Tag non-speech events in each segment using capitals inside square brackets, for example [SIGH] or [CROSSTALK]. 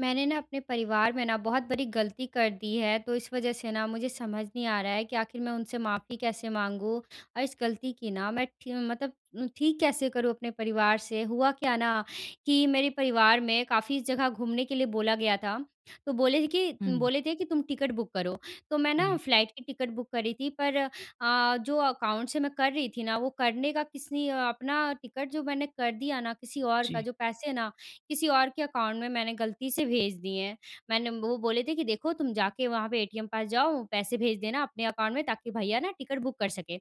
मैंने न, अपने परिवार में न बहुत बड़ी गलती कर दी है, तो इस वजह से न मुझे समझ नहीं आ रहा है कि आखिर मैं उनसे माफ़ी कैसे माँगूँ? और इस गलती की न, मैं ठी मतलब ठीक कैसे करूँ? अपने परिवार से? हुआ क्या न कि मेरे परिवार में काफ़ी जगह घूमने के लिए बोला गया था। तो बोले थे कि हुँ। बोले थे कि तुम टिकट बुक करो। तो मैं न जी। फ्लाइट की टिकट बुक करी थी पर अ, जो अकाउंट से मैं कर रही थी न, वो करने का किसी अ अपना टिकट जो मैंने कर दिया न, किसी और का जी। जो पैसे है न किसी और के अकाउंट में मैंने गलती से भेज दिए हैं मैंने। वो बोले थे कि देखो तुम जा के वहाँ पे ए टी एम पास जाओ पैसे भेज देना अपने अकाउंट में ताकि भैया न टिकट बुक कर सकें।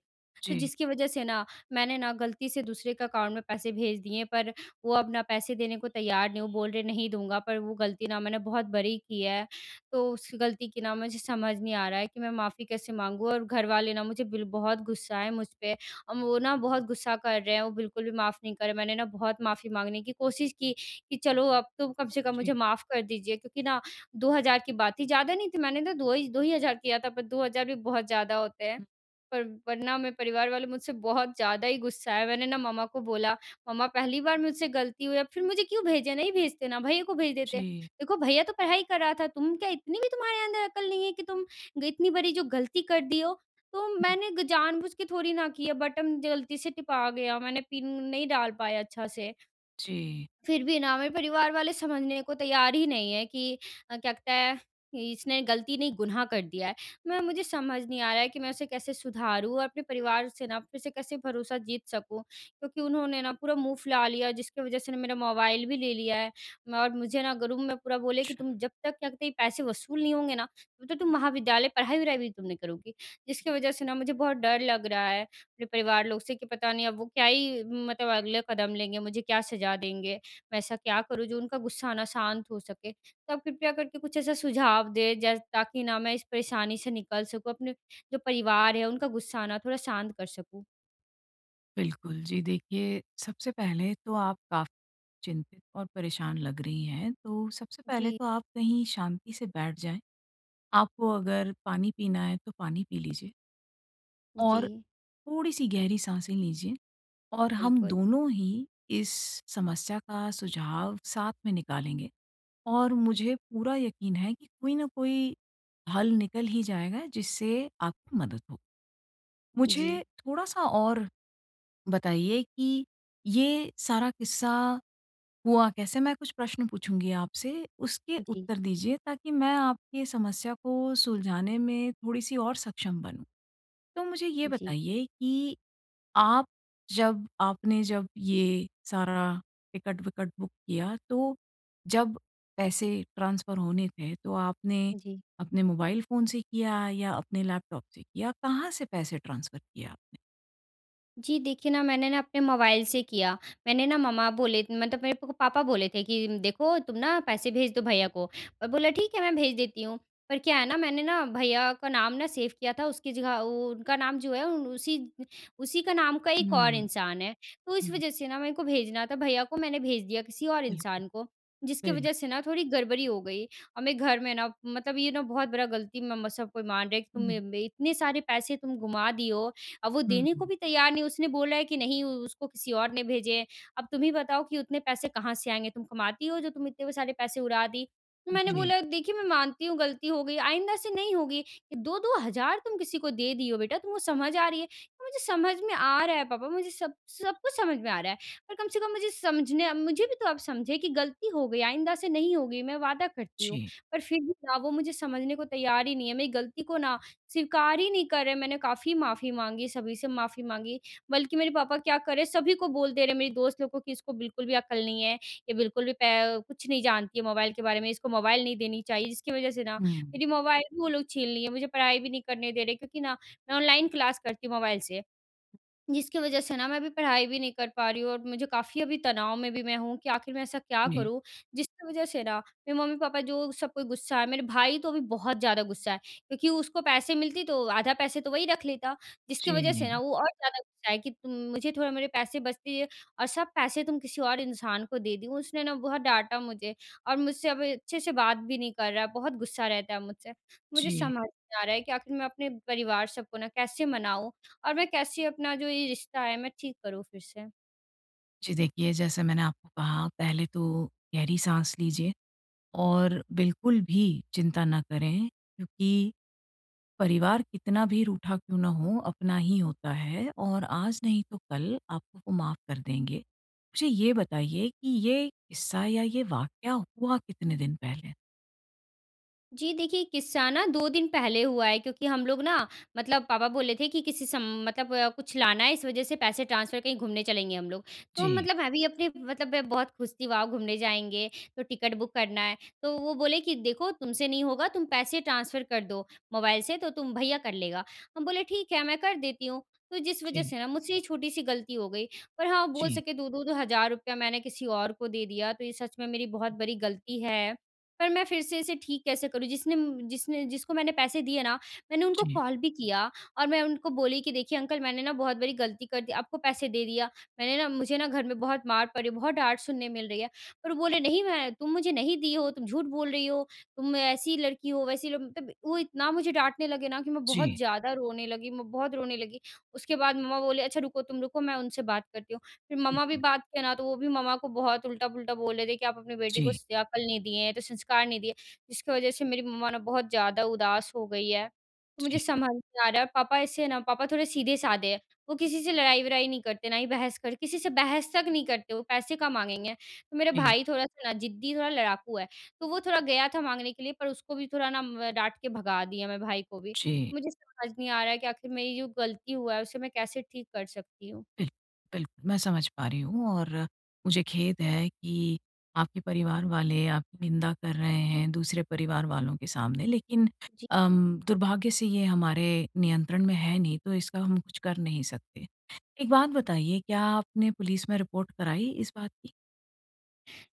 तो जी। जिसकी वजह से न, मैंने न, गलती से दूसरे के अकाउंट में पैसे भेज दिए हैं। पर वो अब अपना पैसे देने को तैयार नहीं है। वो बोल रहे हैं नहीं दूँगा, पर वो गलती न मैंने बहुत बड़ी की है। तो उसकी गलती की न मुझे समझ नहीं आ रहा है, कि मैं माफ़ी कैसे माँगूँ? और घर वाले न मुझे बिल बहुत गुस्सा हैं मुझ पे और वो न बहुत गुस्सा कर रहे हैं। वो बिल्कुल भी माफ़ नहीं कर रहे हैं। मैंने न बहुत माफ़ी माँगने की कोशिश की, कि चलो अब तो कम से कम जी। मुझे माफ़ कर दीजिए। क्योंकि न 2000 की बात थी। ज़्यादा नहीं थी, मैंने तो दो ही 2 ही हज़ार किया था पर 2000 भी बहुत ज़्यादा होते हैं। हुँ। पर वरना मेरे परिवार वाले मुझसे बहुत ज़्यादा ही गुस्सा हैं। मैंने न, मम्मा को बोला, "मम्मा पहली बार मुझसे गलती हुई फिर मुझे क्यों भेजे? नहीं भेजते न, भैया को भेज देते।" जी। "देखो भैया तो पढ़ाई कर रहा था तुम क्या इतनी भी तुम्हारे अंदर अकल नहीं है कि तुम ग इतनी बड़ी जो गलती कर दी हो?" "तो हुँ। मैंने जानबूझ के थोड़ी न किया है, बटन गलती से टिपा गया मैंने पिन नहीं डाल पाया अच्छा से" जी। फिर भी न मेरे परिवार वाले समझने को तैयार ही नहीं है, कि अ, क्या कहते हैं इसने गलती नहीं गु़नाह कर दिया है। मैं मुझे समझ नहीं आ रहा है कि मैं उसे कैसे सुधारूँ और अपने परिवार से न फिर से कैसे भरोसा जीत सकूँ? क्योंकि उन्होंने न पूरा मुँह फुला लिया, जिसके वजह से मेरा मोबाइल भी ले लिया है और मुझे न ग्रुप में पूरा बोले कि अच्छा। तुम जब तक क्या कहते, पैसे वसूल नहीं होंगे न, तब तो तुम महाविद्यालय पढ़ाई-वढ़ाई भी तुम नहीं करोगी। जिसकी वजह से न मुझे बहुत डर लग रहा है, अपने परिवार लोग से, कि पता नहीं अब वो क्या ही मतलब अगला कदम लेंगे मुझे क्या सज़ा देंगे? मैं ऐसा क्या करूँ जो उनका गुस्सा न शांत हो सके? तो आप कृपया करके कुछ ऐसा सुझाव दें, जै ताकि न मैं इस परेशानी से निकल सकूँ, अपने जो परिवार है उनका गुस्सा न थोड़ा शांत कर सकूँ। बिल्कुल। जी देखिए सबसे पहले तो आप का चिंतित और परेशान लग रही हैं। तो सबसे पहले जी। तो आप कहीं शांति से बैठ जाएँ। आपको अगर पानी पीना है तो पानी पी लीजिए। और जी। थोड़ी-सी गहरी साँसें लीजिए। और हम बिल्कुल। दोनों ही, इस समस्या का सुझाव साथ में निकालेंगे। और मुझे पूरा यकीन है, कि कोई न कोई हल निकल ही जाएगा, जिससे आपकी मदद हो। जी। मुझे थोड़ा-सा और बताइए कि ये सारा किस्सा हुआ कैसे? मैं कुछ प्रश्न पूछूँगी आपसे, उसके जी। उत्तर दीजिए ताकि मैं आपकी समस्या को सुलझाने में थोड़ी-सी और सक्षम बनूँ। तो मुझे ये जी। बताइए कि आप जब आपने जब ये सारा टिकट-विकट बुक किया तो जब पैसे ट्रांसफर होने थे। तो आपने जी। अपने मोबाइल फ़ोन से किया या अपने लैपटॉप से किया? कहाँ से पैसे ट्रांसफर किया आपने? जी। देखिए ना, मैंने ना, अपने मोबाइल से किया, मैंने ना मम्मा बोले मतलब मेरे को पापा बोले थे, कि देखो तुम ना पैसे भेज दो भैया को और मैं बोला ठीक है मैं भेज देती हूँ। पर क्या है ना, मैंने ना, भैया का नाम ना सेव किया था। उसकी जगह उ उ उनका नाम जो है, उसी उसी का नाम का हुँ। एक और इंसान है, तो हुँ, इस हुँ। वज़ह से ना, मेरे को भेजना था भैया को मैंने भेज दिया किसी और बिल्कुल। इंसान को। जिसकी बिल वज़ह से ना थोड़ी गड़बड़ी हो गई। और मैं घर में ना, मतलब ये ना बहुत बड़ा गलती म म सब कोई मान रहे है, कि तुम मे [UNINTELLIGIBLE] मे इतने सारे पैसे तुम घुमा दिए हो। अब वो हुँ, देने को हुँ। भी तैयार नहीं। उसने बोला है कि नहीं उसको किसी और ने भेजे हैं। "अब तुम ही बताओ कि उतने पैसे कहाँ से आएँगे? तुम कमाती हो जो तुम इतने सारे पैसे उड़ा दी?" तो मैंने जी। बोला "देखिए मैं मानती हूँ गलती हो गयी, आइंदा से नहीं होगी। 2-2 तुम किसी को दे दिए हो बेटा तुमको समझ आ रही है? मुझे समझ में आ रहा है पापा मुझे सब सब कुछ समझ में आ रहा है। और कम से कम मुझे समझने मुझे भी तो आप समझे कि गलती हो गई आइंदा से नहीं होगी। मैं वादा करती हूँ" जी। पर फिर भी ना वो मुझे समझने को तैयार ही नहीं है, मेरी गलती को ना स्वीकार ही नहीं कर रहे हैं। मैंने काफ़ी माफ़ी माँगी, सभी से माफ़ी माँगी, बल्कि मेरे पापा क्या कर रहे सभी को बोल दे रहे हैं, मेरी दोस्त लोगों को कि, "इसको बिल्कुल भी अक्ल नहीं है। ये बिल्कुल भी पे कुछ नहीं जानती है मोबाइल के बारे में, इसको मोबाइल नहीं देनी चाहिए।" जिसकी वजह से ना, हुँ। मेरी मोबाइल भी वो लोग छीन लिए हैं। मुझे पढ़ाई भी नहीं करने दे रहे, क्योंकि ना, मैं ऑनलाइन क्लास करती हूँ मोबाइल से, जिसकी वज़ह से ना मैं अभी पढ़ाई भी नहीं कर पा रही हूँ और मुझे काफ़ी अभी तनाव में भी मैं हूँ। कि आखिर मैं ऐसा क्या जी। करूँ? जिसकी वज़ह से ना, मेरे मम्मी-पापा जो सब कोई गुस्सा है। मेरे भाई तो अभी बहुत ज़्यादा गुस्सा है, क्योंकि उसको पैसे मिलती तो आधा पैसे तो वही रख लेता। जिसकी वज़ह से ना, जी। वो और ज़्यादा गुस्सा है, कि तुम मुझे थोड़ा मेरे पैसे बचती है और सब पैसे तुम किसी और इंसान को दे दी। उसने ना बहुत डाँटा मुझे और मुझसे अब अच्छे से बात भी नहीं कर रहा है। बहुत गुस्सा रहता है मुझसे। मुझे जी। समझ नहीं आ रहा है, कि आख़िर मैं अपने परिवार सब को ना, कैसे मनाऊँ? और मैं कैसे अपना जो ये रिश्ता है मैं ठीक करूँ फिर से? जी देखिए, जैसे मैंने आपको कहा पहले तो गहरी साँस लीजिए। और बिल्कुल भी चिंता ना करें क्योंकि परिवार कितना भी रूठा क्यों ना हो, अपना ही होता है और आज नहीं तो कल आपको वो माफ़ कर देंगे। मुझे ये बताइए कि ये किस्सा या ये वाकया हुआ कितने दिन पहले? जी देखिए, किस्सा ना 2 दिन पहले हुआ है क्योंकि हम लोग ना मतलब पापा बोले थे कि किसी स मतलब कुछ लाना है इस वजह से पैसे ट्रांसफर कहीं घूमने चलेंगे हम लोग। तो जी। मतलब मैं भी अपने मतलब मैं बहुत खुश थी वॉव घूमने जाएँगे तो टिकट बुक करना है तो वो बोले कि देखो तुमसे नहीं होगा तुम पैसे ट्रांसफर कर दो मोबाइल से तो तुम भैया कर लेगा। हम बोले ठीक है, मैं कर देती हूँ तो जिस वजह जी। से ना मुझसे ये छोटी-सी गलती हो गई। पर हाँ, बोल जी सके दो-दो द हज़ार रुपये मैंने किसी और को दे दिया तो ये सच में मेरी बहुत बड़ी गलती है। पर मैं फिर से इसे ठीक कैसे करूँ जिसने म जिसने जिसको मैंने पैसे दिए ना, मैंने उनको जी। कॉल भी किया और मैं उनको बोली कि देखिए अंकल मैंने ना बहुत बड़ी गलती कर दी, आपको पैसे दे दिया। मैंने ना मुझे ना घर में बहुत मार पड़ी है, बहुत डाँट सुनने मिल रही है पर वो बोले नहीं मैं तुम मुझे नहीं दी हो, तुम झूठ बोल रही हो, तुम ऐसी लड़की हो वैसी मतलब वो इतना मुझे डाँटने लगे ना कि मैं बहुत जी। ज़्यादा रोने लगी, मैं बहुत रोने लगी। उसके बाद मम्मा बोले अच्छा रुको, तुम रुको मैं उनसे बात करती हूँ, फिर मम्मा भी [UNINTELLIGIBLE] बात किया ना तो वो भी मम्मा को बहुत उल्टा-पुल्टा बोल रहे थे कि आप अपनी बेटी को जी। स अक्ल नहीं दिए हैं, तो संस्कार नहीं दिए जिसकी वजह से मेरी मम्मा ना बहुत ज़्यादा उदास हो गई है। तो मुझे जी। समझ नहीं आ रहा है, पापा ऐसे है ना पापा थोड़े सीधे-साधे हैं वो किसी से लड़ाई-वड़ाई नहीं करते ना ही बहस कर किसी से बहस तक नहीं करते वो पैसे कहाँ माँगेगें? तो मेरा हुँ। भाई थोड़ा-सा ना ज़िद्दी, थोड़ा लड़ाकू है तो वो थोड़ा गया था माँगने के लिए पर उसको भी थोड़ा ना डाँट के भगा दिया मैं भाई को भी। जी। मुझे समझ नहीं आ रहा है कि आखिर मेरी जो गलती हुआ है, उसे मैं कैसे ठीक कर सकती हूँ? बिल्क बिल्क मैं समझ पा रही हूँ और मुझे खेद है कि आपके परिवार वाले आपकी निंदा कर रहे हैं दूसरे परिवार वालों के सामने लेकिन जी। अम, दुर्भाग्य से ये हमारे नियंत्रण में है नहीं, तो इसका हम कुछ कर नहीं सकते। एक बात बताइए क्या आपने पुलिस में रिपोर्ट कराई इस बात की?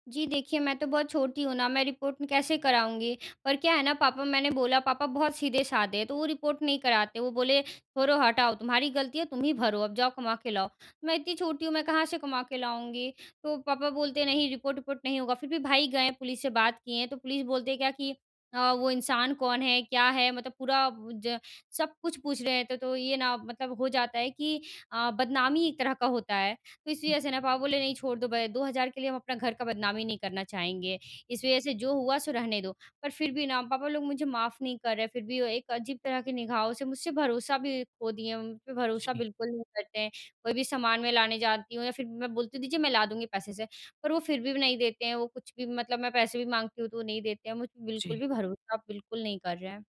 जी देखिए, मैं तो बहुत छोटी हूँ ना मैं रिपोर्ट कैसे कराऊँगी। पर क्या है ना पापा मैंने बोला पापा बहुत सीधे-साधे हैं तो वो रिपोर्ट नहीं कराते वो बोले छोड़ो हटाओ तुम्हारी गलती है तुम ही भरो अब जाओ कमा के लाओ। मैं इतनी छोटी हूँ मैं कहाँ से कमा के लाऊँगी। तो पापा बोलते हैं नहीं रिपोर्ट विपोर्ट नहीं होगा। फिर भी भाई गए हैं पुलिस से बात किए तो पुलिस बोलते हैं क्या कि अ, वो इंसान कौन है क्या है मतलब पूरा ज सब कुछ पूछ रहे हैं, तो ये ना मतलब हो जाता है कि अ, बदनामी एक तरह का होता है। तो इसी वज़ह से ना पापा बोले नहीं छोड़ दो भाई 2000 रुपए के लिए हम अपना घर का बदनामी नहीं करना चाहेंगे। इस वज़ह से जो हुआ सो रहने दो। पर फिर भी ना पापा लोग मुझे माफ़ नहीं कर रहे हैं फिर भी वो एक अजीब तरह के निगाहों से मुझसे भरोसा भी खो दिए मुझ पे भरोसा जी। बिल्कुल नहीं करते हैं। कोई भी सामान मैं लाने जाती हूँ या फिर मैं बोलती हूँ दीजिए मैं ला दूँगी पैसे से पर वो फिर भी नहीं देते हैं। वो कुछ भी मतलब मैं पैसे भी माँगती हूँ तो वो नहीं देते हैं मुझ पे बिल्कुल जी। भी भरोसा बिल्कुल नहीं कर रहे हैं।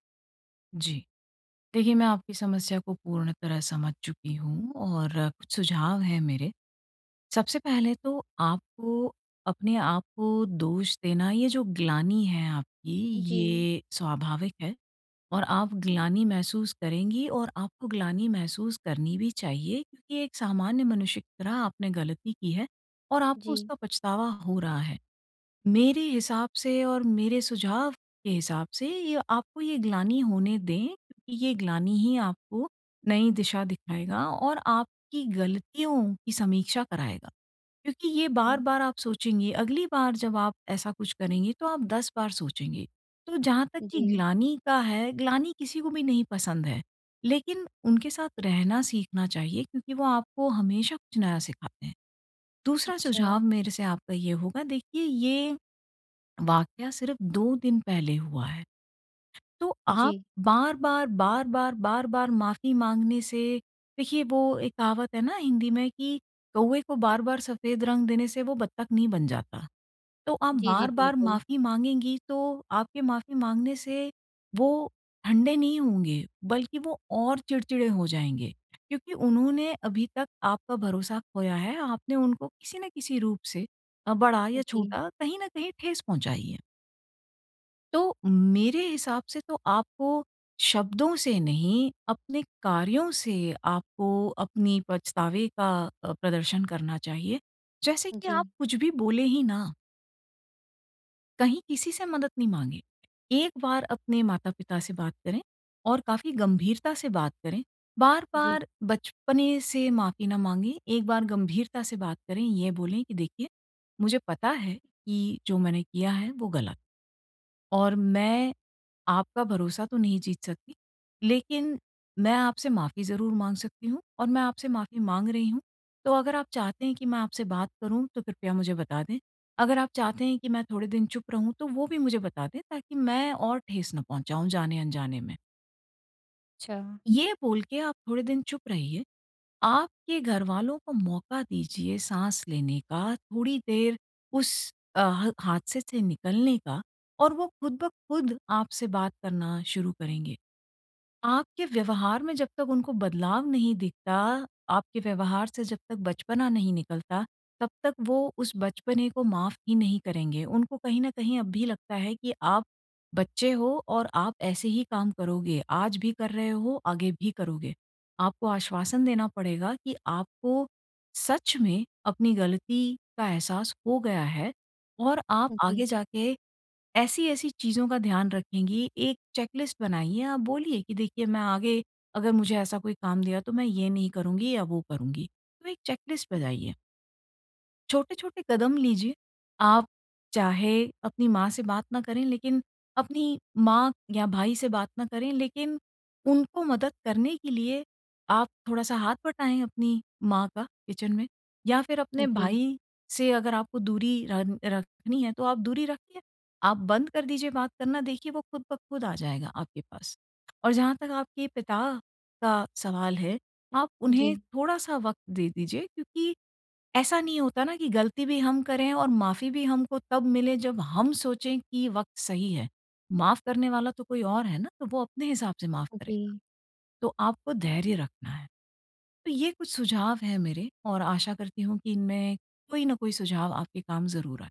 जी। देखिए, मैं आपकी समस्या को पूर्ण तरह समझ चुकी हूँ और कुछ सुझाव हैं मेरे सबसे पहले तो आपको अपने आपको दोष देना, ये जो ग्लानि है आपकी जी। ये स्वाभाविक है। और आप ग्लानि महसूस करेंगी और आपको ग्लानि महसूस करनी भी चाहिए क्योंकि एक सामान्य मनुष्य की तरह आपने गलती की है और आपको जी। उसका पछतावा हो रहा है। मेरे हिसाब से और मेरे सुझाव के हिसाब से ये आपको ये ग्लानि होने दें, ये ग्लानि ही आपको नई दिशा दिखाएगा और आपकी गलतियों की समीक्षा कराएगा। क्योंकि ये हुँ। बार-बार आप सोचेंगे अगली बार जब आप ऐसा कुछ करेंगे तो आप 10 बार सोचेंगे। तो जहाँ तक कि जी। ग्लानि का है, ग्लानि किसी को भी नहीं पसंद है। लेकिन उनके साथ रहना सीखना चाहिए क्योंकि वो आपको हमेशा कुछ नया सिखाते हैं। दूसरा सुझाव अच्छा। मेरे से आपका ये होगा देखिए ये वाक़या सिर्फ़ 2 दिन पहले हुआ है। तो आप जी। बार-बार, बार-बार, बार-बार माफ़ी माँगने से देखिए वो एक कहावत है ना हिंदी में कि "कौवे को बार-बार सफेद रंग देने से वो बत्तख नहीं बन जाता।" तो आप जी, जी, बार-बार बिल्कुल। माफ़ी माँगेंगी तो आपके माफ़ी माँगने से वो ठंडे नहीं होंगे बल्कि वो और चिड़चिड़े हो जाएँगे क्योंकि उन्होंने अभी तक आपका भरोसा खोया है आपने उनको किसी न किसी रूप से अ, बड़ा या जी। छोटा कहीं न कहीं ठेस पहुँचाई है। तो, मेरे हिसाब से तो आपको शब्दों से नहीं अपने कार्यों से आपको अपनी पछतावे का अ, प्रदर्शन करना चाहिए। जैसे कि आप जी। कुछ भी बोले हीं ना। कहीं किसी से मदद नहीं माँगे। एक बार अपने माता-पिता से बात करें और काफ़ी गंभीरता से बात करें, जी। बार-बार बचपने से माफ़ी ना माँगे। एक बार गंभीरता से बात करें, ये बोलें कि देखिए मुझे पता है कि, जो मैंने किया है वो गलत और मैं आपका भरोसा तो नहीं जीत सकती लेकिन मैं आपसे माफ़ी ज़रूर माँग सकती हूँ और मैं आपसे माफ़ी माँग रही हूँ। तो अगर आप चाहते हैं कि मैं आपसे बात करूँ तो कृपया मुझे बता दें। अगर आप चाहते हैं कि मैं थोड़े दिन चुप रहूँ तो वो भी मुझे बता दें, ताकि मैं और ठेस ना पहुँचाऊँ जाने-अनजाने में। अच्छा। ये बोल के आप थोड़े दिन चुप रहिए। आपके घरवालों को मौका दीजिए साँस लेने का थोड़ी देर उस अ, ह हादसे से निकलने का और वो खुद ब खुद आपसे बात करना शुरू करेंगे। आपके व्यवहार में जब तक उनको बदलाव नहीं दिखता, आपके व्यवहार से जब तक बचपना नहीं निकलता, तब तक वो उस बचपने को माफ़ ही नहीं करेंगे। उनको कहीं न कहीं अब भी लगता है, कि आप बच्चे हो और आप ऐसे ही काम करोगे, आज भी कर रहे हो, आगे भी करोगे। आपको आश्वासन देना पड़ेगा कि आपको सच में अपनी ग़लती का एहसास हो गया है और आप जी। आगे जाके ऐसी-ऐसी चीज़ों का ध्यान रखेंगी। एक चेकलिस्ट बनाइए, आप बोलिए की देखिए मैं आगे अगर मुझे ऐसा कोई काम दिया तो मैं ये नहीं करूँगी या वो करूँगी। तो एक चेकलिस्ट बनाइए। छोटे-छोटे कदम लीजिए। आप चाहे अपनी माँ से बात ना करें लेकिन अपनी माँ या भाई से बात ना करें लेकिन उनको मदद करने के लिए आप थोड़ा-सा हाथ बँटाएँ अपनी माँ का किचन में या फिर अपने जी। भाई से अगर आपको दूरी रन रखनी है तो आप दूरी रखिए, आप बंद कर दीजिए बात करना देखिए वो खुद ब खुद आ जाएगा आपके पास। और जहाँ तक आपके पिता का सवाल है, आप उन्हें जी। थोड़ा-सा वक़्त दे दीजिए क्योंकि ऐसा नहीं होता ना कि गलती भी हम करें और माफ़ी भी हमको तब मिले जब हम सोचे कि वक़्त सही है। माफ़ करने वाला तो कोई और है ना तो वो अपने हिसाब से माफ़ करेगा। जी। तो आपको धैर्य रखना है। तो ये कुछ सुझाव हैं मेरे और आशा करती हूँ कि इनमें कोई न कोई सुझाव आपके काम ज़रूर आए।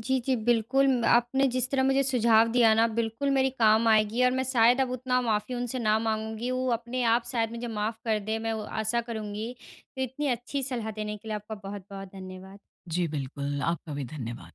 जी, जी बिल्कुल। म आपने जिस तरह मुझे सुझाव दिया ना बिल्कुल मेरी काम आएगी और मैं शायद अब उतना माफी उनसे ना माँगूँगी वो अपने आप शायद मुझे माफ कर दें मैं वो आशा करूँगी। इतनी अच्छी सलाह देने के लिए आपका बहुत-बहुत धन्यवाद। जी, बिल्कुल। आपका भी धन्यवाद।